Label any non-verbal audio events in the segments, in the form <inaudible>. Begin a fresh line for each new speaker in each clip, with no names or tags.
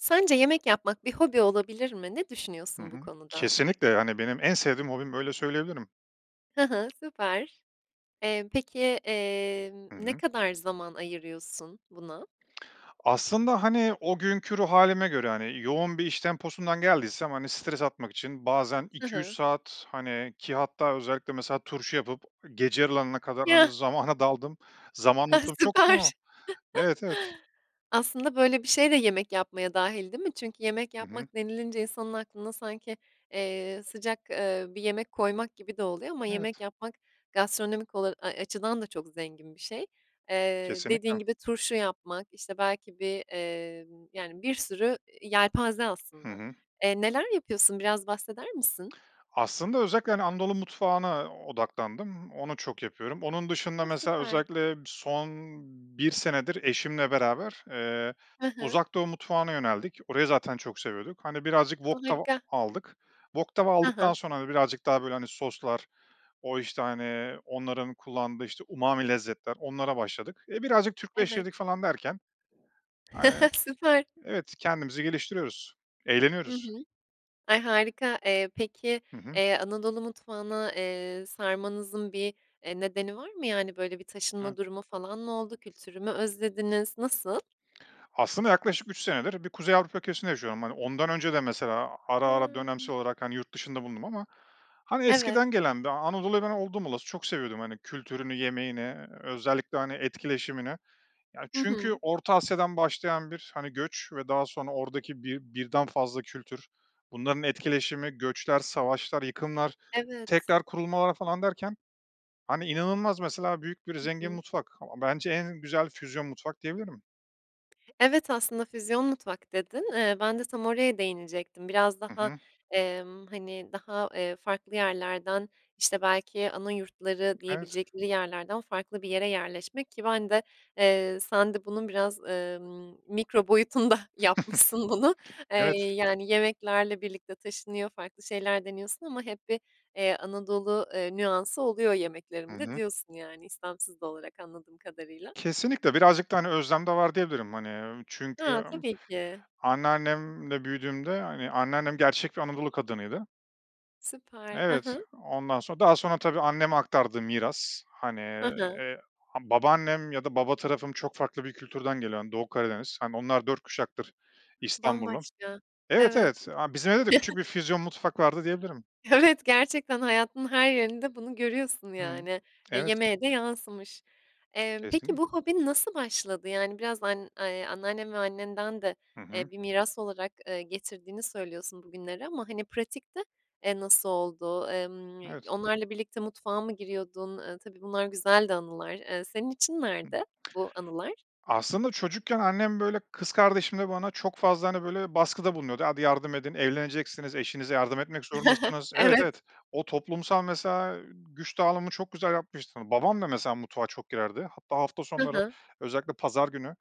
Sence yemek yapmak bir hobi olabilir mi? Ne
Hı
düşünüyorsun bu
hı.
konuda?
Kesinlikle, hani, benim en sevdiğim hobim. Böyle söyleyebilirim.
Hı hı, süper. Eee, peki, emm,
Hı
ne
hı.
kadar zaman ayırıyorsun buna?
Aslında, hani, o günkü ruh hâlime göre, hani, yoğun bir iş temposundan geldiysem, hani, stres atmak için bazen
Hı
2-3
hı.
saat, hani, ki hatta özellikle mesela turşu yapıp gece yarılarına kadar, hani,
Ya!
zamana daldığım, zamanı
Ha,
unuttuğum çok
süper!
zaman Evet, evet.
<chuckles> Aslında böyle bir şey de yemek yapmaya dâhil, değil mi? Çünkü yemek
Hı hı.
yapmak denilince insanın aklına sanki, eee, sıcak, eee, bir yemek koymak gibi de oluyor ama yemek
Evet.
yapmak gastronomik ola ay, açıdan da çok zengin bir şey. Eee, dediğin
Kesinlikle.
gibi turşu yapmak, işte, belki bir, emm, yani, bir sürü yelpaze
Hı
aslında.
hı.
Eee, neler yapıyorsun? Biraz bahseder misin?
Aslında özellikle, hani, Anadolu mutfağına odaklandım. Onu çok yapıyorum. Onun dışında
O,
mesela
süper!
özellikle son 1 senedir eşimle beraber, eee,
Hı hı.
Uzak Doğu mutfağına yöneldik. Orayı zaten çok seviyorduk. Hani, birazcık wok tava
Harika!
aldık. Wok tava
Ha
aldıktan
ha.
sonra, hani, birazcık daha, böyle, hani, soslar o, işte, hani, onların kullandığı, işte, umami lezzetler, onlara başladık. E, birazcık Türkleştirdik
Evet.
falan derken, hani
<chuckles> Süper!
Evet, kendimizi geliştiriyoruz,
Hı
eğleniyoruz.
hı. Ay, harika! Eee, peki,
Hı hı.
eee, Anadolu mutfağına, eee, sarmanızın bir, eee, nedeni var mı? Yani, böyle, bir
A.
taşınma durumu falan mı oldu? Kültürü mü özlediniz? Nasıl?
Aslında yaklaşık 3 senedir bir Kuzey Avrupa ülkesinde yaşıyorum. Hani, ondan önce de mesela ara ara
Ha.
dönemsel olarak, hani, yurt dışında bulundum ama, hani,
Evet.
eskiden gelen bir Anadolu'yu ben oldum olası çok seviyordum. Hani, kültürünü, yemeğini, eee, özellikle, hani, etkileşimini. Ya,
Hı
çünkü
hı.
Orta Asya'dan başlayan bir, hani, göç ve daha sonra oradaki bir birden fazla kültür, bunların etkileşimi, göçler, savaşlar, yıkımlar,
Evet.
tekrar kurulmalar falan derken, hani, inanılmaz, mesela, büyük bir
Hı
zengin
hı.
mutfak. Bence en güzel füzyon mutfak diyebilirim.
Evet, aslında, "füzyon mutfak" dedin, eee, ben de tam oraya değinecektim. Biraz
Hı
daha,
hı.
emm, hani, daha, eee, farklı yerlerden, işte, belki ana yurtları
Evet.
diyebilecekleri yerlerden farklı bir yere yerleşmek ki ben de, eee, sen de bunun biraz, emm, mikro boyutunda yapmışsın bunu.
<chuckles>
Eee,
Evet.
yani, yemeklerle birlikte taşınıyor, farklı şeyler deniyorsun ama hep bir, eee, Anadolu, eee, nüansı oluyor
Hı
yemeklerimde
hı.
diyorsun yani istemsiz de olarak anladığım kadarıyla.
Kesinlikle, birazcık da, hani, özlem de var diyebilirim, hani, ööö, çünkü
Ha,
m
tabii ki.
anneannemle büyüdüğümde, hani, anneannem gerçek bir Anadolu kadınıydı.
Süper, hı
Evet,
hı.
ondan sonra daha sonra tabii, anneme aktardığı miras. Hani,
Hı hı.
eee, ha babaannem ya da baba tarafım çok farklı bir kültürden geliyor, hani, Doğu Karadeniz. Hani, onlar 4 kuşaktır İstanbullu.
Bambaşka.
Evet,
Evet.
evet, a bizim evde de
<chuckles>
küçük bir füzyon mutfak vardı diyebilirim.
Evet, gerçekten hayatının her yerinde bunu görüyorsun,
Hıı.
yani. E,
Evet.
yemeğe de yansımış. Emm, peki,
Kesin.
bu hobin nasıl başladı? Yani, biraz an eee, anneannen ve annenden de,
Hı hı.
eee, bir miras olarak, eee, getirdiğini söylüyorsun bugünlere ama, hani, pratikte, eee, nasıl oldu? Emm,
Evet.
onlarla birlikte mutfağa mı giriyordun? Eee, tabii, bunlar güzel de anılar. Eee, senin için nerede bu anılar?
Aslında çocukken annem, böyle, kız kardeşimle bana çok fazla, hani, böyle, baskıda bulunuyordu: "Hadi yardım edin, evleneceksiniz, eşinize yardım etmek
<chuckles>
zorundasınız." Evet,
Evet.
evet. O toplumsal mesela, eee, güç dağılımı çok güzel yapmıştı. Babam da mesela mutfağa çok girerdi, hatta hafta
Hı
sonları,
hı.
özellikle pazar günü,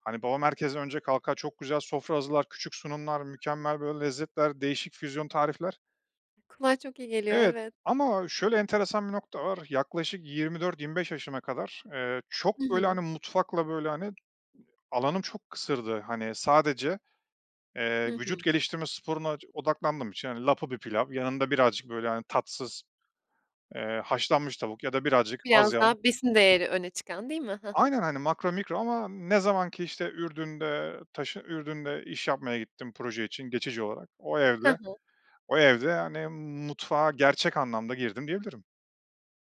hani, babam herkesten önce kalkar, çok güzel sofra hazırlar, küçük sunumlar mükemmel, böyle, lezzetler, değişik füzyon tarifler.
Kulağa çok iyi geliyor,
Evet
evet.
ama şöyle enteresan bir nokta var: yaklaşık 24-25 yaşıma kadar, eee,
Hı
çok, böyle,
hı.
hani, mutfakla, böyle, hani, alanım çok kısırdı, hani, sadece,
Hı
eee,
hı.
vücut geliştirme sporuna ç odaklandığım için, hani, lapa bir pilav yanında birazcık, böyle, hani, tatsız, eee, haşlanmış tavuk ya da birazcık az
Biraz
yağlı
daha besin değeri öne çıkan, değil mi? He he.
Aynen, hani, makro mikro ama ne zaman ki işte Ürdün'de taşı Ürdün'de iş yapmaya gittim proje için geçici olarak, o
Hı
evde,
hı.
o evde, hani, mutfağa gerçek anlamda girdim, diyebilirim.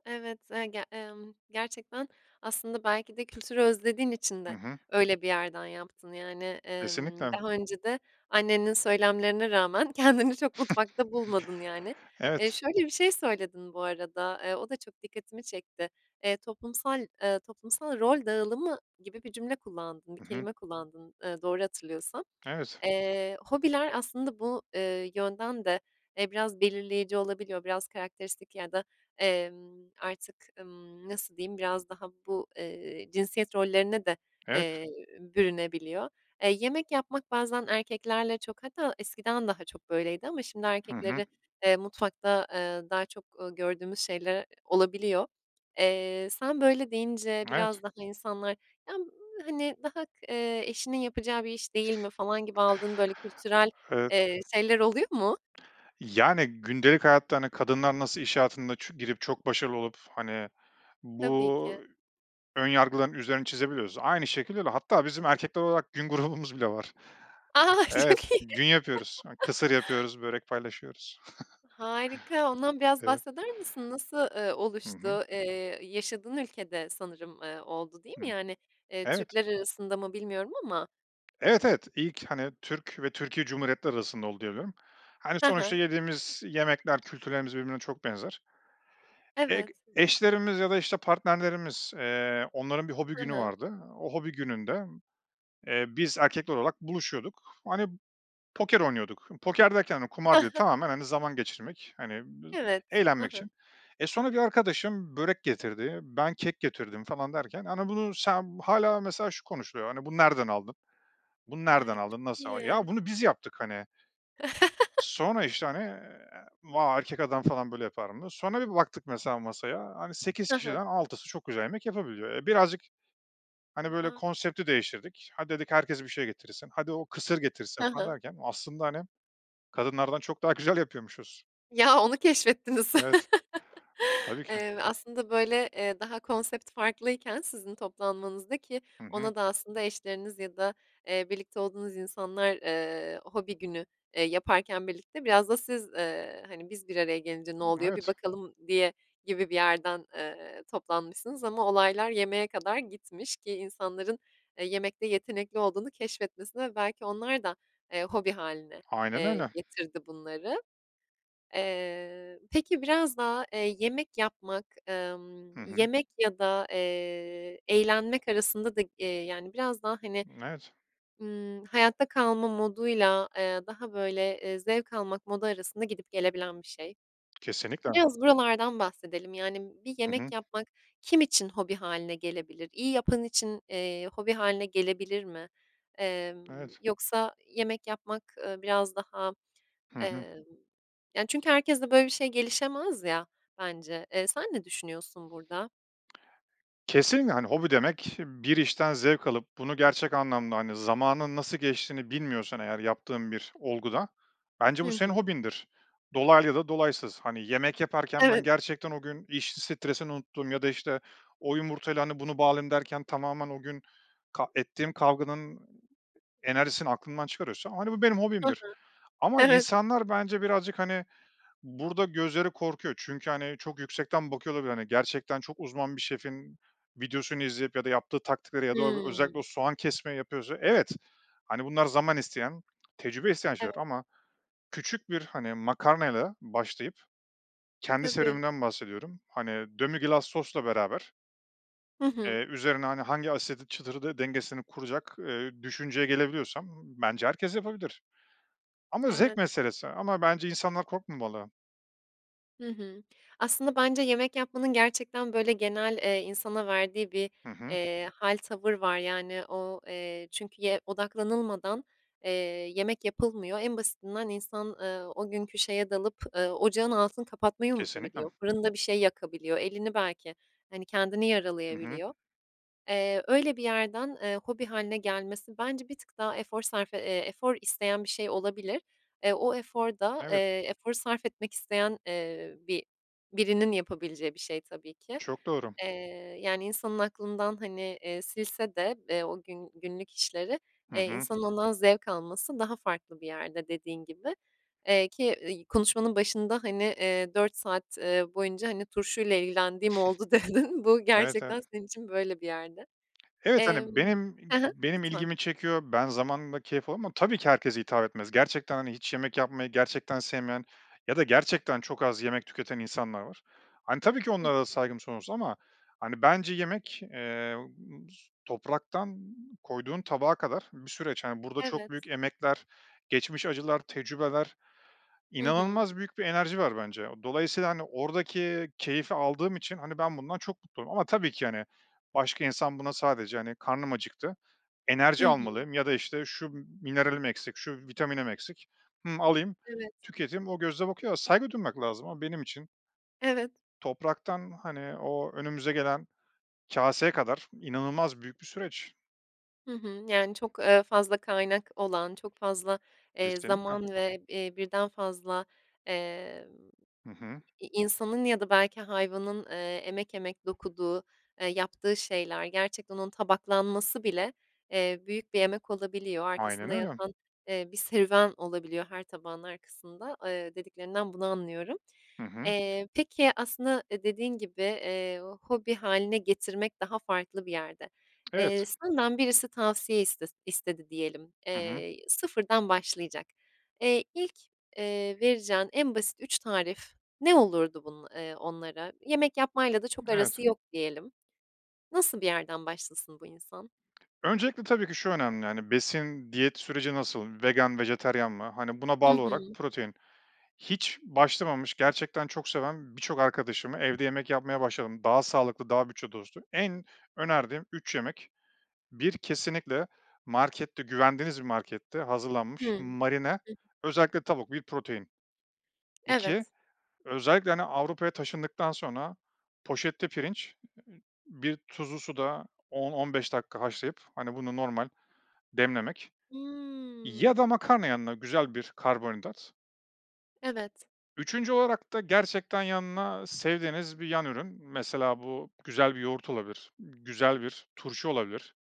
Evet, e ge emm, gerçekten aslında belki de kültürü özlediğin için
Hı
de
hı.
öyle bir yerden yaptın. Yani, emm,
Kesinlikle.
daha önce de annenin söylemlerine rağmen, kendini çok mutfakta bulmadın, yani.
<chuckles>
Eee,
Evet.
şöyle bir şey söyledin bu arada, eee, o da çok dikkatimi çekti. Eee, toplumsal, eee, toplumsal rol dağılımı gibi bir cümle kullandın, bir
Hı hı.
kelime kullandın, eee, doğru hatırlıyorsam.
Evet.
Eee, hobiler aslında bu, eee, yönden de, e, biraz belirleyici olabiliyor. Biraz karakteristik ya da, emm, artık, ımm, nasıl diyeyim biraz daha bu, eee, cinsiyet rollerine de,
Evet.
eee, bürünebiliyor. Eee, yemek yapmak bazen erkeklerle çok, hatta eskiden daha çok böyleydi ama şimdi
Hı hı.
erkekleri, eee, mutfakta, aaa, daha çok, ııı, gördüğümüz şeyler olabiliyor. Eee, sen böyle deyince
Evet.
biraz daha insanlar, “Ya, hani, daha kıh eee, eşinin yapacağı bir iş değil mi?“ falan gibi, aldığın böyle kültürel,
Evet.
eee, şeyler oluyor mu?
Yani, gündelik hayatta, hani, kadınlar nasıl iş hayatında ç girip çok başarılı olup, hani,
Tabii ki.
bu ön yargıların üzerini çizebiliyorsa, aynı şekilde de, hatta bizim erkekler olarak gün grubumuz bile var.
<laughs> Çok
Evet,
iyi.
gün yapıyoruz, ı
<laughs>
kısır yapıyoruz, börek paylaşıyoruz. <chuckles>
Harika. Ondan biraz
Evet.
bahseder misin? Nasıl, eee,
Hı hı.
oluştu, eee, yaşadığın ülkede sanırım, eee, oldu, değil mi?
<unintelligible>
Yani, eee,
Evet.
Türkler arasında mı bilmiyorum ama.
Evet, evet, ilk, hani, Türk ve Türkiye Cumhuriyetleri arasında oldu, diye biliyorum. Hani,
He
sonuçta
he.
yediğimiz yemekler, kültürlerimiz birbirine çok benzer. Eg
Evet.
eşlerimiz ya da işte partnerlerimiz, eee, onların bir hobi
Hı
günü
hı.
vardı. O hobi gününde, eee, biz erkekler olarak buluşuyorduk, hani, poker oynuyorduk. Poker derken de kumar değil.
<chuckles>
Tamamen, hani, zaman geçirmek, hani, <unintelligible>
Evet. Hı
eğlenmek
hı.
için. E, sonra bir arkadaşım börek getirdi, ben kek getirdim falan derken. Hani, bunu sen, hâlâ mesela şu konuşuluyor: “Hani, bunu nereden aldın?“, “Bunu nereden
Ay, çok
aldın?“, “Nasıl a "Ya,
iyi.
bunu biz yaptık, hani.
<laughs>
Sonra, işte, hani, eee, “Va, erkek adam falan böyle yapar mı?“ diye sonra bir baktık mesela masaya, hani, 8
Hı hı.
kişiden 6'sı çok güzel yemek yapabiliyor. E, birazcık, hani,
A,
böyle,
a!
konsepti değiştirdik, “Hadi“ dedik, “Herkes bir şey getirsin.“, “Hadi, o kısır getirsin.“
He
falan
he.
derken aslında, hani, kadınlardan çok daha güzel yapıyormuşuz.
Ya, onu keşfettiniz.
Evet,
<chuckles>
tabii ki.
Eee, aslında, böyle, eee, daha konsept farklıyken sizin toplanmanızda, ki
Hı hı.
ona da aslında eşleriniz ya da, eee, birlikte olduğunuz insanlar, eee, hobi günü, eee, yaparken birlikte biraz da siz, eee, “Hani, biz bir araya gelince ne oluyor? Bir
Evet.
bakalım.“ diye, gibi bir yerden, eee, toplanmışsınız. Ama olaylar yemeğe kadar gitmiş ki insanların, eee, yemekte yetenekli olduğunu keşfetmesine belki onlar da, eee, hobi hâline,
Aynen
eee,
öyle.
getirdi bunları. Eee, peki biraz daha, eee, yemek yapmak,
Hı
emm,
hı.
yemek ya da, eee, eğlenmek arasında da, eee, yani, biraz daha, hani,
Imm, evet.
ımm, hayatta kalma moduyla, eee, daha, böyle, eee, zevk almak modu arasında gidip gelebilen bir şey.
Kesinlikle.
Biraz buralardan bahsedelim. Yani, bir
Hı
yemek
hı.
yapmak kim için hobi hâline gelebilir? İyi yapan için, eee, hobi hâline gelebilir mi? Emm,
Evet.
yoksa yemek yapmak, ııı, biraz, daha,
Hı hı.
emm, yani, çünkü herkeste böyle bir şey gelişemez ya, bence. Eee, sen ne düşünüyorsun burada?
Kesinle, hani, hobi demek: Bir işten zevk alıp bunu gerçek anlamda, hani, zamanın nasıl geçtiğini bilmiyorsan eğer yaptığın bir olguda, bence
Hı
bu senin
hı.
hobindir. Dolaylı ya da dolaysız. Hani, yemek yaparken ben
Evet.
gerçekten o gün iş stresini unuttuğum ya da, işte, “O yumurtayla, hani, bunu bağlayayım.“ derken tamamen o gün ka ettiğim kavganın enerjisini aklından çıkarıyorsa, hani, bu benim
Hı
hobimdir.
hı.
Ama
Evet.
insanlar bence birazcık, hani, burada gözleri korkuyor çünkü, hani, çok yüksekten bakıyor olabilir, hani. Gerçekten çok uzman bir şefin videosunu izleyip ya da yaptığı taktikleri ya da o özellikle o
Hımm.
soğan kesmeyi yapıyorsa, evet. Hani, bunlar zaman isteyen, tecrübe isteyen
Evet.
şeyler. Ama küçük bir, hani, makarnayla başlayıp kendi
Tabii.
serüvenimden bahsediyorum. Hani, demi-glace sosla beraber
Hı hı.
eee, üzerine, hani, hangi asidi <unintelligible> dengesini kuracak, eee, düşünceye gelebiliyorsam bence herkes yapabilir. Ama zevk
Evet.
meselesi. Ama bence insanlar korkmamalı.
Hı hı. Aslında bence yemek yapmanın gerçekten, böyle, genel, eee, insana verdiği bir,
Hı hı.
eee, hâl, tavır var. Yani, o, eee, "çünkü"ye odaklanılmadan, eee, yemek yapılmıyor. En basitinden insan, eee, o günkü şeye dalıp, eee, ocağın altını kapatmayı unutabiliyor,
Kesinlikle.
fırında bir şey yakabiliyor. Elini belki, hani, kendini
I hı.
yaralayabiliyor. Eee, öyle bir yerden, eee, hobi hâline gelmesi bence bir tık daha efor sarfe eee, efor isteyen bir şey olabilir. E, o efor da,
Evet.
eee, efor sarf etmek isteyen, eee, bi birinin yapabileceği bir şey tabii ki.
Çok doğru.
Eee, yani, insanın aklından, hani, eee, silse de, eee, o gün günlük işleri,
Hı
eee,
hı.
insanın ondan zevk alması daha farklı bir yerde dediğin gibi. Eee, ki, i konuşmanın başında, hani, eee, "4 saat, eee, boyunca, hani, turşuyla ilgilendiğim oldu." dedin.
<snorts>
Bu
Evet, evet.
gerçekten senin için böyle bir yerde.
Evet,
Emm
hani, benim i
ha ha.
benim
Lütfen.
ilgimi çekiyor, ben zamanla keyif aldım ama tabii ki herkese hitap etmez. Gerçekten, hani, hiç yemek yapmayı gerçekten sevmeyen ya da gerçekten çok az yemek tüketen insanlar var. Hani, tabii ki
Hı
onlara da
hı.
saygım sonsuz ama, hani, bence yemek, eee, bıs topraktan koyduğun tabağa kadar bir süreç. Hani, burada çok
Evet.
büyük emekler, geçmiş acılar, tecrübeler,
Hı hı.
inanılmaz büyük bir enerji var bence. O dolayısıyla, hani, oradaki keyfi aldığım için, hani, ben bundan çok mutluyum ama tabii ki, hani, başka insan buna sadece, hani, "Karnım acıktı,
Hı
enerji
hı.
almalıyım ya da, işte, şu mineralim eksik, şu vitaminim eksik, hımm, alayım,
Evet.
tüketeyim." o gözle bakıyor a saygı duymak lazım. Ama benim için
Evet.
topraktan, hani, o önümüze gelen kâseye kadar inanılmaz büyük bir süreç.
Hı hı. Yani, çok, eee, fazla kaynak olan, çok fazla, eee,
Kesinlikle.
zaman ve, eee, 1'den fazla, emm,
Hı hı.
i insanın ya da belki hayvanın, eee, emek emek dokuduğu, eee, yaptığı şeyler, gerçekten onun tabaklanması bile, eee, büyük bir emek olabiliyor.
Aynen
Arkasında
öyle.
yatan, eee, bir serüven olabiliyor her tabağın arkasında, eee, dediklerinden bunu anlıyorum.
Hı hı.
Eee, peki, aslında, eee, dediğin gibi, eee, hobi hâline getirmek daha farklı bir yerde. Eee,
Evet.
senden birisi tavsiye istes istedi diyelim.
Hı hı.
Eee, sıfırdan başlayacak. Eee, ilk, eee, vereceğin en basit 3 tarif ne olurdu bunun eee, onlara? Yemek yapmayla da çok arası
Evet.
yok diyelim. Nasıl bir yerden başlasın, bu insan?
Öncelikle tabii ki, şu önemli, hani, besin, diyet süreci nasıl? Vegan, vejeteryan mi? Hani, buna
Hı
bağlı olarak
hı.
protein. Hiç başlamamış gerçekten çok seven birçok arkadaşıma evde yemek yapmaya başladım. Daha sağlıklı, daha bütçe dostu. En önerdiğim 3 yemek: 1, kesinlikle markette, güvendiğiniz bir markette
Hıı.
hazırlanmış,
Hı
marine,
hı.
özellikle tavuk bir protein. 2,
Evet.
özellikle, hani, Avrupa'ya taşındıktan sonra poşette pirinç, bir tuzlu suda 10-15 dakika haşlayıp, hani, bunu normal demlemek ya
Hıı.
da makarna yanına, güzel bir karbonhidrat.
Evet.
3. olarak da gerçekten yanına sevdiğiniz bir yan ürün. Mesela bu, güzel bir yoğurt olabilir, güzel bir turşu olabilir.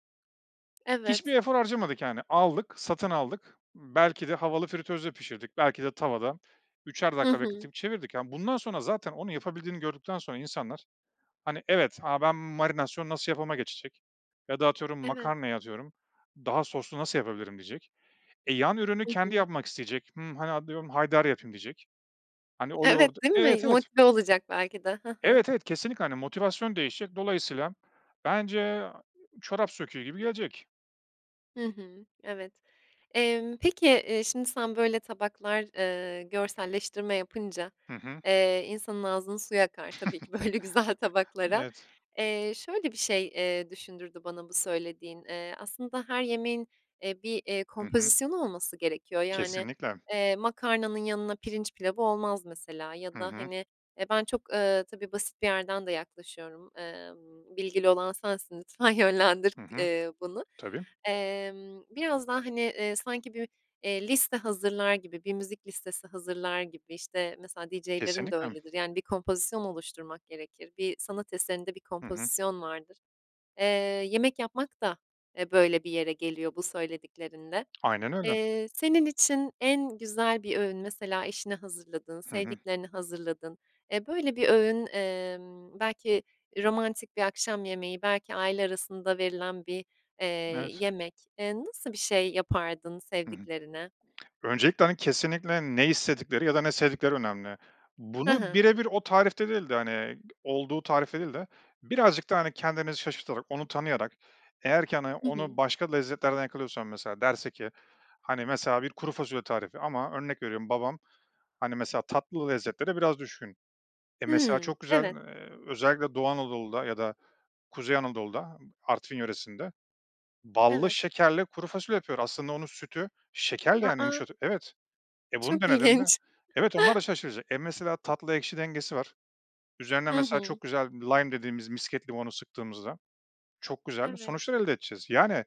Hiçbir
Evet.
efor harcamadık, yani, aldık, satın aldık, belki de havalı fritözde pişirdik, belki de tavada üçer
Hı
dakika
hı.
bekletip çevirdik. Ya, bundan sonra zaten onu yapabildiğini gördükten sonra insanlar, hani, evet, "A, ben marinasyon nasıl yapıma geçecek." ya da atıyorum,
Evet.
makarnaya atıyorum, "Daha soslu nasıl yapabilirim?" diyecek. E, yan ürünü
Hı
kendi
hı.
yapmak isteyecek, "Hımm, hani, atıyorum, haydari yapayım diyecek. Hani, o yoğurdu
Evet, değil
Evet,
mi?
evet.
Motive olacak belki de. Ha ha.
Evet, evet. Kesinlikle, hani, motivasyon değişecek, dolayısıyla bence a çorap söküğü gibi gelecek.
Hı hı, evet. Emm, peki, eee, şimdi, sen, böyle, tabaklar, eee, görselleştirme yapınca,
Hı hı.
eee, insanın ağzının suyu akar tabii ki böyle güzel
<chuckles>
tabaklara.
Evet.
Eee, şöyle bir şey, eee, düşündürdü bana bu söylediğin. Eee, aslında her yemeğin, eee, bir, eee,
Hı hı.
kompozisyonu olması gerekiyor yani.
Kesinlikle.
Eee, makarnanın yanına pirinç pilavı olmaz mesela ya
Hı
da,
hı.
hani, eee, ben çok, eee, tabii, basit bir yerden de yaklaşıyorum, emm, bilgili olan sensin lütfen yönlendir
Hı
k
hı.
eee, bunu.
Tabii.
Emm, biraz daha, hani, eee, sanki bü eee, liste hazırlar gibi, bir müzik listesi hazırlar gibi, işte, mesela DJ'lerin de
Kesinlikle.
öyledir. Yani, bir kompozisyon oluşturmak gerekir. Bir sanat eserinde bir
Hı hı.
kompozisyon vardır. Eee, yemek yapmak da, eee, böyle bir yere geliyor, bu söylediklerinle.
Aynen öyle.
Eee, senin için en güzel bir öğün mesela eşine hazırladığın,
Hı hı.
sevdiklerine hazırladığın, eee, böyle bir öğün, emm, belki romantik bir akşam yemeği, belki aile arasında verilen bir, eee,
Evet.
yemek. Eee, nasıl bir şey yapardın
Hı hı.
sevdiklerine?
Öncelikle, hani, kesinlikle ne istedikleri ya da ne sevdikleri önemli.
Ha
Bunu
ha.
bire bir o tarifte değil de, hani, olduğu tarifte değil de birazcık da, hani, kendinizi şaşırtarak, onu tanıyarak, eğer ki, hani,
Hı
onu
hı.
başka lezzetlerden yakalıyorsam, mesela derse ki, hani, mesela bir kuru fasulye tarifi ama örnek veriyorum babam, hani, mesela tatlı lezzetlere biraz düşkün. E, mesela
Hımm,
çok güzel,
evet.
eee, özellikle Doğu Anadolu'da ya da Kuzey Anadolu'da, Artvin yöresinde ballı
Evet.
şekerle kuru fasulye yapıyor. Aslında onun sütü şekerle,
A,
yani,
a!
yumuşatı Evet. E, bunu
Çok
denediğinde
ilginç.
evet, onlar da
<chuckles>
şaşıracak E, mesela tatlı ekşi dengesi var. Üzerine
Hı
mesela
hı.
çok güzel lime dediğimiz misket limonu sıktığımızda çok güzel
Evet.
sonuçlar elde edeceğiz. Yani,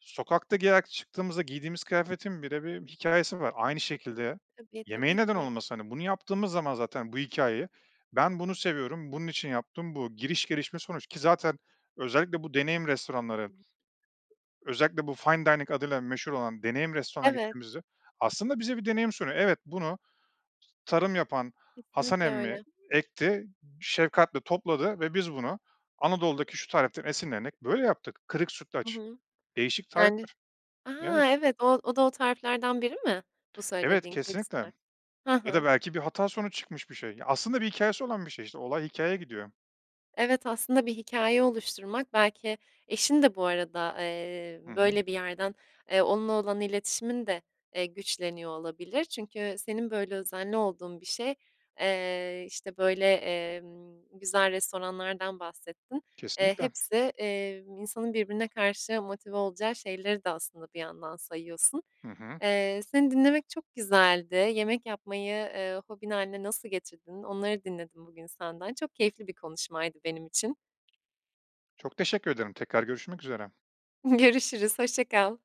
sokakta giyerek çıktığımızda giydiğimiz kıyafetin bile bir hikâyesi var. Aynı şekilde
Tabii,
yemeğin
tabii
neden
ki.
olmasın? Hani, bunu yaptığımız zaman zaten bu hikâyeyi, "Ben bunu seviyorum. Bunun için yaptım. Bu." Giriş, gelişme, sonuç, ki zaten özellikle bu deneyim
Hı
restoranları
hı.
özellikle bu fine dining adıyla meşhur olan deneyim restorana
Evet.
gittiğimizde aslında bize bir deneyim sunuyor. "Evet, bunu tarım yapan Hasan
Kesinlikle
emmi
öyle.
ekti, şefkatle topladı ve biz bunu Anadolu'daki şu tariften esinlenerek böyle yaptık." Kırık
Hı
sütlaç.
hı.
Değişik
Yani
tarifler.
A,
Evet.
evet, o o da o tariflerden biri mi? Bu
Evet
söylediğin kırık
kesinlikle.
sütla Ha
Ya da
ha.
belki bir hata sonucu çıkmış bir şey. Aslında bir hikâyesi olan bir şey, işte, olay hikâyeye gidiyor.
Evet, aslında bir hikâye oluşturmak belki eşin de bu arada, eee,
Hı hı.
böyle bir yerden, eee, onunla olan iletişimin de, eee, güçleniyor olabilir. Çünkü senin böyle özenli olduğun bir şey, eee, işte, böyle, emm, güzel restoranlardan bahsettin. Eee,
Kesinlikle.
hepsi, emm, insanın birbirine karşı motive olacağı şeyleri de aslında bir yandan sayıyorsun.
Hı hı.
Eee, seni dinlemek çok güzeldi. Yemek yapmayı, eee, hobin hâline nasıl getirdin? Onları dinledim bugün senden. Çok keyifli bir konuşmaydı benim için.
Çok teşekkür ederim. Tekrar görüşmek üzere.
Görüşürüz, hoşça kal.